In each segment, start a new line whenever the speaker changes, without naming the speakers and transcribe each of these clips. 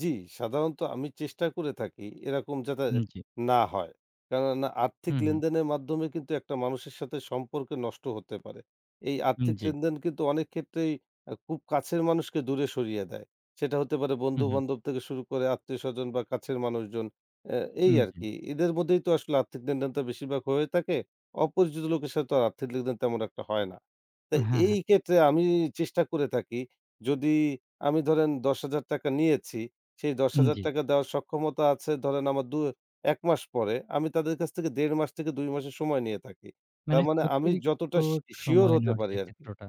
জি, সাধারণত আমি চেষ্টা করে থাকি এরকম যাতে
হুম জি।
না হয়। কেননা? আর্থিক
হু, হু।
লেনদেনের মাধ্যমে কিন্তু একটা মানুষের সাথে সম্পর্ক নষ্ট হতে পারে। এই
উম
আর্থিক
জি।
লেনদেন কিন্তু অনেক ক্ষেত্রেই আ খুব কাছের মানুষকে দূরে সরিয়ে দেয়। সেটা হতে পারে
হু, হু।
বন্ধু-বান্ধব থেকে শুরু করে, আত্মীয়স্বজন বা কাছের মানুষজন। আ এই
হুম
আর
জি।
কি। এদের মধ্যেই তো আসলে আর্থিক লেনদেন তো বেশিরভাগ হয়ে থাকে। অপরিচিত লোকের সাথে তো আর আর্থিক লেনদেন, তেমন একটা হয় না। তো
হ্যাঁ,
এই
হ্যাঁ।
ক্ষেত্রে আমি চেষ্টা করে থাকি, যদি আমি ধরেন ৳১০,০০০ নিয়েছি, সেই দশ
উম
হাজার
জি।
টাকা দেওয়ার সক্ষমতা আছে ধরেন, আমার দু ১ মাস পরে, আমি তাদের কাছ থেকে ১.৫ মাস থেকে ২ মাসের সময় নিয়ে থাকি। তার
মানে
মানে আমি
অতিরিক্ত
যতটা সি সিওর
সময়
হতে
নেওয়ার
পারি
যে
আরকি
ক্ষেত্রটা,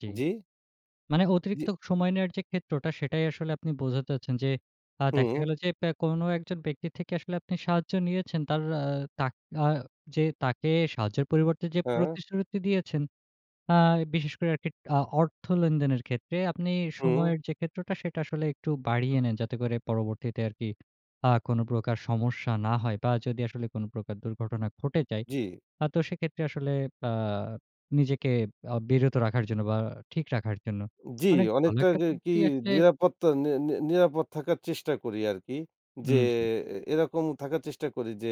জি।
জি?
মানে অতিরিক্ত
জি।
সময় নেওয়ার যে ক্ষেত্রটা, সেটাই আসলে আপনি বোঝাতে চাচ্ছেন যে, আ দেখা
হু।
গেল যে ব্যা কোন একজন ব্যক্তির থেকে আসলে আপনি সাহায্য নিয়েছেন। তার আ তাক আ যে তাকে সাহায্যের পরিবর্তে যে
হ্যাঁ।
প্রতিশ্রুতি দিয়েছেন, আ বিশেষ করে আরকি আ অর্থ লেনদেনের ক্ষেত্রে আপনি
হু।
সময়ের যে ক্ষেত্রটা, সেটা আসলে একটু বাড়িয়ে নেন। যাতে করে পরবর্তীতে আরকি আ কোন প্রকার সমস্যা না হয় বা যদি আসলে কোন প্রকার দুর্ঘটনা ঘটে যায়?
জি।
তা তো সেক্ষেত্রে আসলে, আ নিজেকে আ বিরত রাখার জন্য বা ঠিক রাখার জন্য।
জি,
অনেক ভালো
অনেকটা
একটা
কা কি
পদ্ধতি আসলে
নিরাপত্তা নি নি নিরাপদ থাকার চেষ্টা করি আরকি। যে
উম জি।
এরকম থাকার চেষ্টা করি যে,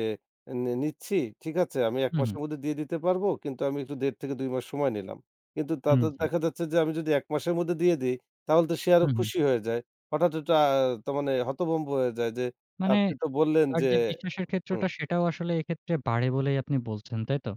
"নে নিচ্ছি, ঠিক আছে, আমি এক
হু, হু।
মাসের মধ্যে দিয়ে দিতে পারব। কিন্তু আমি একটু ১.৫ থেকে ২ মাস সময় নিলাম।" কিন্তু
উম
তাতে
জি।
দেখা যাচ্ছে যে, আমি যদি ১ মাসের মধ্যে দিয়ে দেই, তাহলে তো সে আরো
হুম, হুম।
খুশি হয়ে যায়। হঠাৎ ওটা, তার মানে হতভম্ব হয়ে যায় যে,
মানে,
"আপনি তো বললেন
তার
যে"
যে বিশ্বাসের ক্ষেত্রটা,
হুম।
সেটাও আসলে এক্ষেত্রে বাড়ে বলেই আপনি বলছেন, তাই তো?